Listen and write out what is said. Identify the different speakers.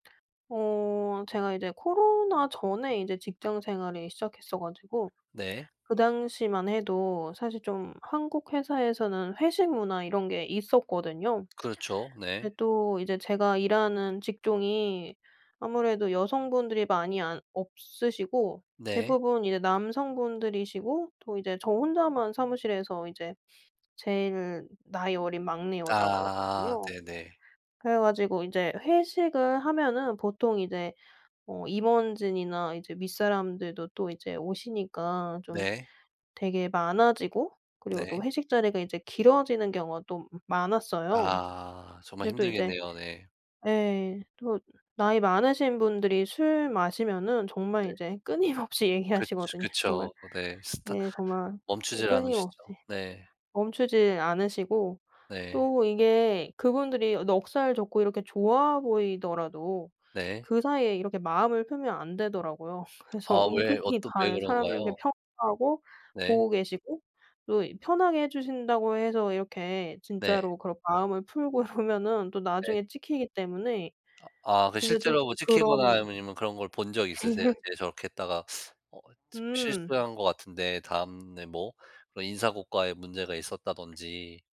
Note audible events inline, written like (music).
Speaker 1: 어 제가 이제 코로나 전에 이제 직장생활을 시작했어 가지고
Speaker 2: 네.
Speaker 1: 그 당시만 해도 사실 좀 한국 회사에서는 회식 문화 이런 게 있었거든요.
Speaker 2: 그렇죠. 네.
Speaker 1: 근데 또 이제 제가 일하는 직종이 아무래도 여성분들이 많이 안 없으시고
Speaker 2: 네.
Speaker 1: 대부분 이제 남성분들이시고 또 이제 저 혼자만 사무실에서 이제 제일 나이 어린 막내
Speaker 2: 아
Speaker 1: 여자였거든요.
Speaker 2: 네네.
Speaker 1: 그래 가지고 이제 회식을 하면은 보통 이제 어 임원진이나 이제 윗사람들도 또 이제 오시니까 좀
Speaker 2: 네.
Speaker 1: 되게 많아지고 그리고 또
Speaker 2: 네.
Speaker 1: 회식 자리가 이제 길어지는 경우가 또 많았어요.
Speaker 2: 아 정말
Speaker 1: 근데 또 이제
Speaker 2: 힘들겠네요. 네.
Speaker 1: 예 또 나이 많으신 분들이 술 마시면은 정말
Speaker 2: 네.
Speaker 1: 이제 끊임없이
Speaker 2: 그
Speaker 1: 얘기하시거든요. 정말
Speaker 2: 그쵸. 네. 스타
Speaker 1: 네 정말
Speaker 2: 멈추질 않으시죠.
Speaker 1: 끊임없이.
Speaker 2: 네.
Speaker 1: 멈추지 않으시고.
Speaker 2: 네.
Speaker 1: 또 이게 그분들이 넉살 좋고 이렇게 좋아 보이더라도
Speaker 2: 네.
Speaker 1: 그 사이에 이렇게 마음을 풀면 안 되더라고요. 그래서
Speaker 2: 아 왜
Speaker 1: 은근히
Speaker 2: 어떤 왜
Speaker 1: 다른 사람을 이렇게
Speaker 2: 그런가요?
Speaker 1: 평가하고
Speaker 2: 네.
Speaker 1: 보고 계시고 또 편하게 해 주신다고 해서 이렇게
Speaker 2: 네.
Speaker 1: 진짜로 그런 마음을 풀고 이러면은 또
Speaker 2: 네.
Speaker 1: 나중에 찍히기 때문에
Speaker 2: 아 아 그
Speaker 1: 진짜 조금
Speaker 2: 실제로 뭐 찍히거나 이런
Speaker 1: 그런
Speaker 2: 거나 아니면은 그런 걸 본 적 있으세요?
Speaker 1: (laughs)
Speaker 2: 네 저렇게 했다가 어 시
Speaker 1: 음.
Speaker 2: 실수한 것 같은데 다음에 뭐 그런 인사고과에 문제가 있었다든지